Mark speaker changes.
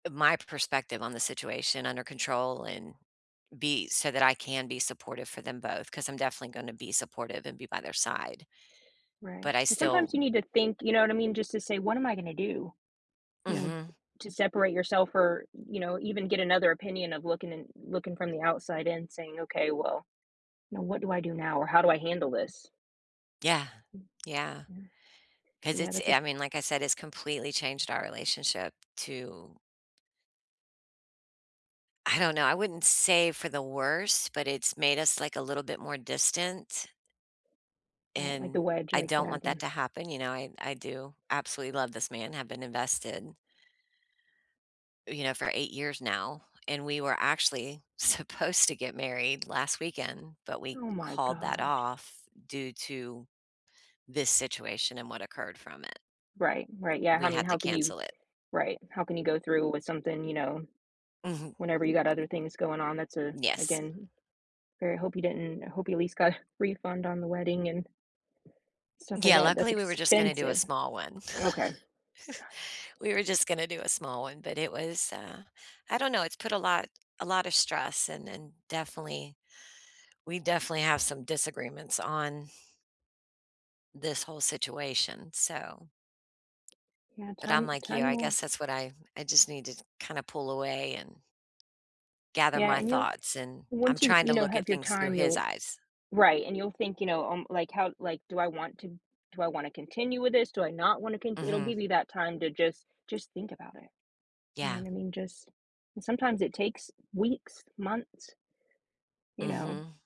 Speaker 1: My perspective on the situation under control and be so that I can be supportive for them both, 'cause I'm definitely gonna be supportive and be by their side.
Speaker 2: Right,
Speaker 1: But I
Speaker 2: and sometimes
Speaker 1: still
Speaker 2: you need to think, you know what I mean? Just to say, "What am I gonna do?" You know,
Speaker 1: Mhm.
Speaker 2: to separate yourself, or, you know, even get another opinion of looking and looking from the outside in saying, "Okay, well, you know, what do I do now? Or, how do I handle this?"
Speaker 1: Yeah,
Speaker 2: Mm.
Speaker 1: yeah.
Speaker 2: Mhm.
Speaker 1: 'Cause
Speaker 2: Yeah,
Speaker 1: it's
Speaker 2: that's a
Speaker 1: I mean, like I said, it's completely changed our relationship, too. I don't know, I wouldn't say for the worse, but it's made us, like, a little bit more distant?
Speaker 2: Right, like the
Speaker 1: And,
Speaker 2: wedge,
Speaker 1: I
Speaker 2: like,
Speaker 1: don't
Speaker 2: yeah,
Speaker 1: want that
Speaker 2: the
Speaker 1: to happen, you know, I I do absolutely love this man, I have been invested you know, for 8 years now, and we were actually supposed to get married last weekend, but we
Speaker 2: Oh, my
Speaker 1: called that
Speaker 2: gosh.
Speaker 1: off due to this situation and what occurred from it.
Speaker 2: Right, right, yeah,
Speaker 1: We
Speaker 2: I mean,
Speaker 1: had to
Speaker 2: how can you
Speaker 1: cancel it.
Speaker 2: Right, how can you go through with something, you know?
Speaker 1: Mhm.
Speaker 2: Whenever you got other things going on, that's a
Speaker 1: Yes.
Speaker 2: again, very hope you didn't I hope you, at least, got a refund on the wedding and stuff like
Speaker 1: Yeah,
Speaker 2: that, that's
Speaker 1: luckily, we were just gonna do a
Speaker 2: expensive.
Speaker 1: small one.
Speaker 2: Okay. Gosh.
Speaker 1: We were just gonna do a small one, but it was, uh, I don't know, it's put a lot a lotta stress and and definitely we definitely have some disagreements on this whole situation, so
Speaker 2: Yeah,
Speaker 1: But I'm
Speaker 2: time
Speaker 1: like you,
Speaker 2: time
Speaker 1: I
Speaker 2: will
Speaker 1: guess that's what I I just need to kinda pull away and gather
Speaker 2: Yeah,
Speaker 1: my
Speaker 2: and you'll
Speaker 1: thoughts, and
Speaker 2: and
Speaker 1: I'm
Speaker 2: once you
Speaker 1: trying
Speaker 2: you
Speaker 1: to
Speaker 2: know,
Speaker 1: look at
Speaker 2: have your
Speaker 1: things through
Speaker 2: time,
Speaker 1: his
Speaker 2: you'll
Speaker 1: eyes.
Speaker 2: Right, and you'll think, you know, um, like, "How? Like, do I want to do I want to continue with this? Do I not want to cont" It'll
Speaker 1: Mhm.
Speaker 2: give you that time to just just think about it. You know
Speaker 1: Yeah.
Speaker 2: what I mean? Just and sometimes it takes weeks, months you know?
Speaker 1: Mhm.